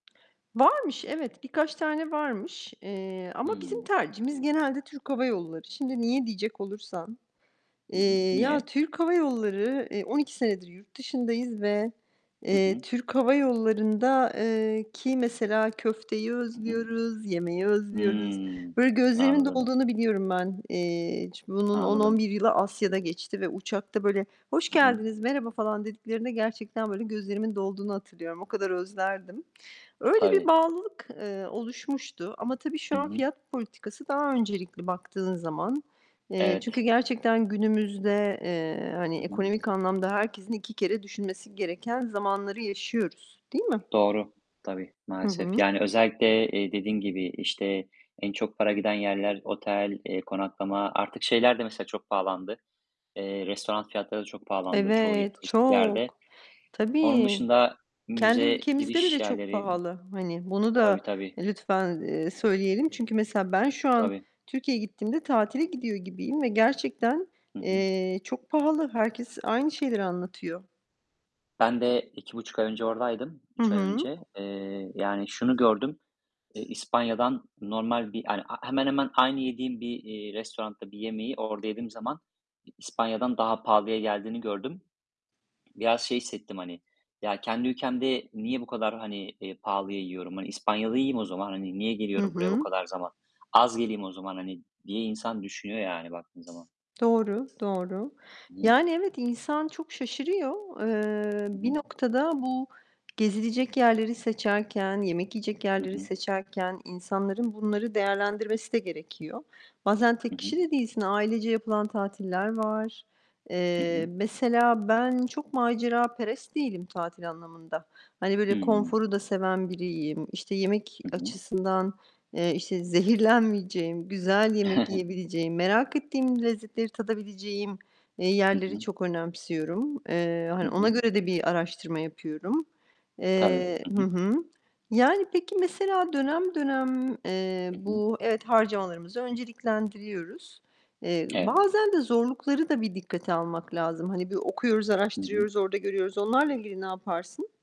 Varmış, evet, birkaç tane varmış. Eee, ama bizim Hıı. tercihimiz genelde Türk Hava Yolları. Şimdi, niye diyecek olursan, Hı hı. eee, ya, Niye? Türk Hava Yolları eee, 12 senedir yurt dışındayız ve Hı eee, hı. Türk Hava Yollarında ııı, ki mesela köfteyi Hı hı. özlüyoruz, yemeği özlüyoruz. Hımm. Böyle gözlerimin Anladım. dolduğunu biliyorum ben. Eee, bunun on on Anladım. bir yılı Asya'da geçti ve uçakta böyle "Hoş Hı hı. geldiniz, merhaba" falan dediklerinde gerçekten, böyle, gözlerimin dolduğunu hatırlıyorum. O kadar özlerdim. Öyle bir Tabii. bağlılık, eee, oluşmuştu. Ama tabii Hı şu an hı. fiyat politikası daha öncelikli baktığın zaman. Eee, çünkü Evet. gerçekten günümüzde, eee, hani Hı hı. ekonomik anlamda herkesin 2 kere düşünmesi gereken zamanları yaşıyoruz, değil mi? Doğru. Tabii, Hı maalesef. hı. Yani, özellikle, eee, dediğin gibi, işte, en çok para giden yerler otel, eee, konaklama. Artık şeyler de mesela çok pahalandı, eee, restoran fiyatları da çok pahalandı çoğu Evet, turistik yerde. çok! Onun Tabii! dışında Kendi müze ülkemizde giriş bile çok yerleri pahalı. Hani, bunu Tabii, da tabii. lütfen, eee, söyleyelim. Çünkü mesela ben şu an Tabii. Türkiye'ye gittiğimde tatile gidiyor gibiyim ve gerçekten, Hı hı. eee, çok pahalı. Herkes aynı şeyleri anlatıyor. Ben de 2,5 ay önce oradaydım, Hı 3 ay hı. önce. Eee, yani, şunu gördüm: eee, İspanya'dan normal bir hani, he hemen hemen aynı yediğim bir, eee, restoranda bir yemeği orada yediğim zaman, İspanya'dan daha pahalıya geldiğini gördüm. Biraz şey hissettim hani, "Ya kendi ülkemde niye bu kadar, hani, eee, pahalıya yiyorum? Hani, İspanya'da yiyeyim o zaman. Hani niye Hı geliyorum buraya bu hı. kadar zaman? Az geleyim o zaman." hani diye insan düşünüyor yani baktığın zaman. Doğru, doğru. [unintelligible] Yani, evet, insan çok şaşırıyor. Hı Eee, bir hı. noktada bu gezilecek yerleri seçerken, yemek yiyecek Hı yerleri hı. seçerken insanların bunları değerlendirmesi de gerekiyor. Bazen Hı tek hı. kişi de değilsin, ailece yapılan tatiller var. Hı Eee, hı. mesela ben çok maceraperest değilim tatil anlamında. Hani böyle Hıı. konforu da seven biriyim. İşte, yemek Hı hı. açısından, eee, işte, zehirlenmeyeceğim, güzel yemek yiyebileceğim, merak ettiğim lezzetleri tadabileceğim, eee, Hı yerleri hı. çok önemsiyorum. Eee, Hı hani, ona hı. göre de bir araştırma yapıyorum. Tabii. Eee Hı Hı hı. hı. Yani peki mesela dönem dönem, eee, Hı hı. bu evet, harcamalarımızı önceliklendiriyoruz. Eee, Evet. bazen de zorlukları da bir dikkate almak lazım. Hani, bir okuyoruz, Hı hı. araştırıyoruz, orada görüyoruz. Onlarla ilgili ne yaparsın?